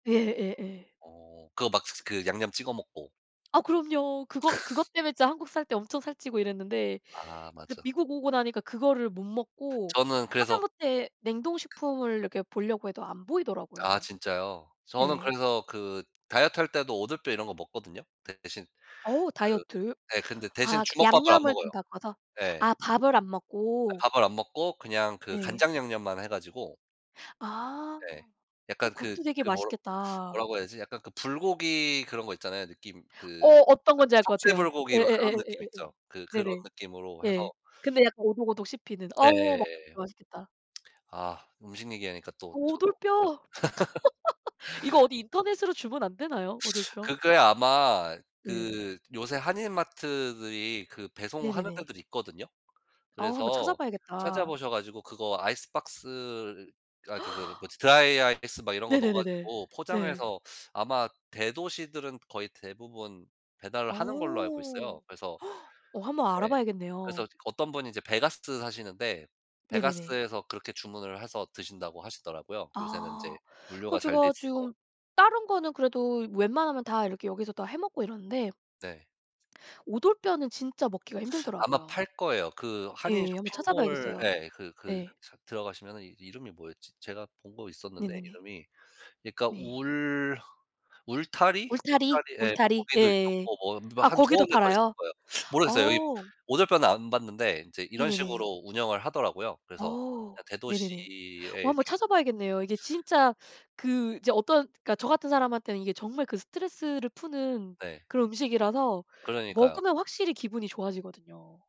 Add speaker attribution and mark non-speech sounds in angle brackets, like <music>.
Speaker 1: 예예예.
Speaker 2: 어. 그거 막 슥슥 그 양념 찍어 먹고.
Speaker 1: 아. 그럼요. 그것, 그것 때문에 진짜 한국 살 때 엄청 살찌고 이랬는데
Speaker 2: 아.
Speaker 1: 이제
Speaker 2: 맞아.
Speaker 1: 미국 오고 나니까 그거를 못 먹고
Speaker 2: 저는 그래서
Speaker 1: 하다못해 냉동식품을 이렇게 보려고 해도 안
Speaker 2: 아.
Speaker 1: 보이더라고요.
Speaker 2: 진짜요? 저는
Speaker 1: 예.
Speaker 2: 그래서 그 다이어트할 때도 오돌뼈 이런 거 먹거든요. 대신
Speaker 1: 어.
Speaker 2: 그
Speaker 1: 다이어트.
Speaker 2: 네 근데 대신
Speaker 1: 아 그
Speaker 2: 주먹밥을 안
Speaker 1: 양념을
Speaker 2: 먹어요.
Speaker 1: 좀 바꿔서
Speaker 2: 예.
Speaker 1: 아 밥을 안
Speaker 2: 예
Speaker 1: 먹고.
Speaker 2: 밥을 안 먹고 그냥 그
Speaker 1: 네.
Speaker 2: 간장 양념만 해 가지고
Speaker 1: 아.
Speaker 2: 네.
Speaker 1: 어
Speaker 2: 약간 그,
Speaker 1: 그것도 되게
Speaker 2: 그 뭐라
Speaker 1: 맛있겠다.
Speaker 2: 뭐라고 해야지? 약간 그 불고기 그런 거 있잖아요. 느낌
Speaker 1: 어.
Speaker 2: 그 약간
Speaker 1: 어떤 건지 알 것
Speaker 2: 석쇠
Speaker 1: 같아요.
Speaker 2: 불고기 막 그런 느낌
Speaker 1: 예예예예예예예.
Speaker 2: 있죠? 그 그런
Speaker 1: 네네.
Speaker 2: 느낌으로
Speaker 1: 예.
Speaker 2: 해서
Speaker 1: 근데 약간 오독오독 씹히는. 어우 막
Speaker 2: 예예예예.
Speaker 1: 맛있겠다.
Speaker 2: <smacks lips> 아. 음식 얘기 하니까 또 저도 그냥
Speaker 1: 오돌뼈! <laughs> 이거
Speaker 2: <laughs>
Speaker 1: 어디 인터넷으로 주문 안 되나요,
Speaker 2: <sucks teeth>
Speaker 1: 오돌뼈?
Speaker 2: 그게 아마
Speaker 1: 예.
Speaker 2: 그 요새 한인 마트들이 그 배송하는
Speaker 1: 네네네.
Speaker 2: 데들 있거든요.
Speaker 1: 아. 한번
Speaker 2: 그래서
Speaker 1: 찾아봐야겠다.
Speaker 2: 찾아보셔 가지고 그거 아이스박스를 아이 그 그거
Speaker 1: <gasps>
Speaker 2: 뭐지 드라이아이스 막 이런 거 넣어
Speaker 1: 네네네네
Speaker 2: 가지고
Speaker 1: 네.
Speaker 2: 포장해서 <sucks teeth> 아마 대도시들은 거의 대부분 배달을
Speaker 1: 어.
Speaker 2: 하는 걸로 알고 있어요.
Speaker 1: <gasps>
Speaker 2: 그래서
Speaker 1: 어, 한번
Speaker 2: 네.
Speaker 1: 알아봐야겠네요.
Speaker 2: 그래서 어떤 분이 이제 베가스 사시는데
Speaker 1: 네네네.
Speaker 2: 베가스에서 그렇게 주문을 해서 드신다고 하시더라고요. 요새는
Speaker 1: 아.
Speaker 2: 이제
Speaker 1: 그
Speaker 2: 물류가 잘 돼
Speaker 1: 제가
Speaker 2: 있어서.
Speaker 1: 지금 다른 거는 그래도 웬만하면 다 이렇게 여기서 다 해 먹고 이러는데
Speaker 2: 네.
Speaker 1: 오돌뼈는 진짜 먹기가
Speaker 2: 아마
Speaker 1: 힘들더라고요.
Speaker 2: 팔 거예요. 그 한인
Speaker 1: 예. 한번
Speaker 2: 쇼핑몰
Speaker 1: 찾아봐야겠어요.
Speaker 2: 예 그 그
Speaker 1: 예.
Speaker 2: 삭 들어가시면은 이제 이름이 뭐였지? 제가 본 거 있었는데
Speaker 1: 네네네.
Speaker 2: 이름이. 그러니까
Speaker 1: 네.
Speaker 2: 울, 울타리?
Speaker 1: 울타리?
Speaker 2: 울타리 예 거
Speaker 1: 울타리.
Speaker 2: 거기도
Speaker 1: 네.
Speaker 2: 있었고 뭐 뭐
Speaker 1: 아
Speaker 2: 한 두어
Speaker 1: 거기도
Speaker 2: 개 더 있을
Speaker 1: 팔아요?
Speaker 2: 거예요. <sucks teeth> 모르겠어요. 이
Speaker 1: 어.
Speaker 2: 오돌뼈는 안 봤는데 인제 이런
Speaker 1: 네네네.
Speaker 2: 식으로 운영을 하더라고요. 그래서
Speaker 1: 어.
Speaker 2: 그냥
Speaker 1: 네네네.
Speaker 2: 대도시에
Speaker 1: 어 한번
Speaker 2: 이렇게
Speaker 1: 찾아봐야겠네요. 이게 진짜 그 이제 어떤 그니까 저 같은 사람한테는 이게 정말 그 스트레스를 푸는
Speaker 2: 네.
Speaker 1: 그런 음식이라서
Speaker 2: 그러니까요.
Speaker 1: 먹으면 확실히 기분이 좋아지거든요.